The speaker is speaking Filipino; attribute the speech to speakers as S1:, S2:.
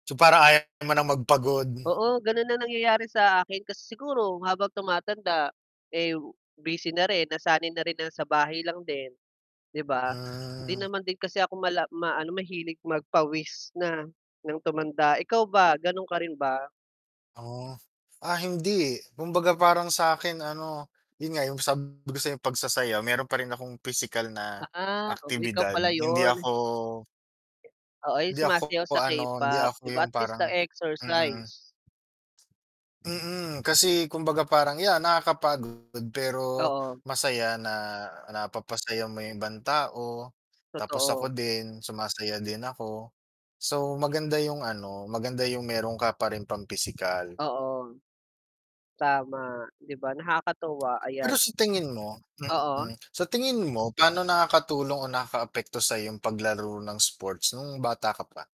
S1: So, parang ayaw mo nang magpagod.
S2: Oo ganun ang nangyayari sa akin kasi siguro habang tumatanda, eh, busy na rin nasanay na rin na sa bahay lang din, 'di ba? Hindi
S1: Hmm.
S2: naman din kasi ako mala maano mahilig magpawis na, ng tumanda. Ikaw ba gano'n ka rin ba?
S1: Oh, ah, hindi, kumbaga parang sa'kin ano, 'yun nga yung sabi ko sa pagsasayaw meron pa rin akong pisikal na
S2: Ah, oh, ikaw
S1: aktibidad,
S2: pala
S1: hindi
S2: yun.
S1: ako
S2: Oo, yung
S1: hindi ako
S2: sumasayaw sa
S1: ano hindi
S2: K-pop,
S1: ako
S2: 'di ba
S1: yung
S2: at least
S1: parang mm.
S2: na-exercise.
S1: Mm, kasi kumbaga parang yan nakakapagod pero
S2: Oo.
S1: masaya na napapasaya mo yung ibang tao, tapos ako
S2: Totoo.
S1: din sumasaya din ako, so maganda yung ano, maganda yung meron ka pa ring pang pisikal.
S2: Oo. Tama, 'di ba nakakatuwa, ayan.
S1: Pero sa tingin mo,
S2: Oo.
S1: mm, sa tingin mo paano nakakatulong o nakaapekto sa'yo yung paglaro ng sports nung bata ka pa?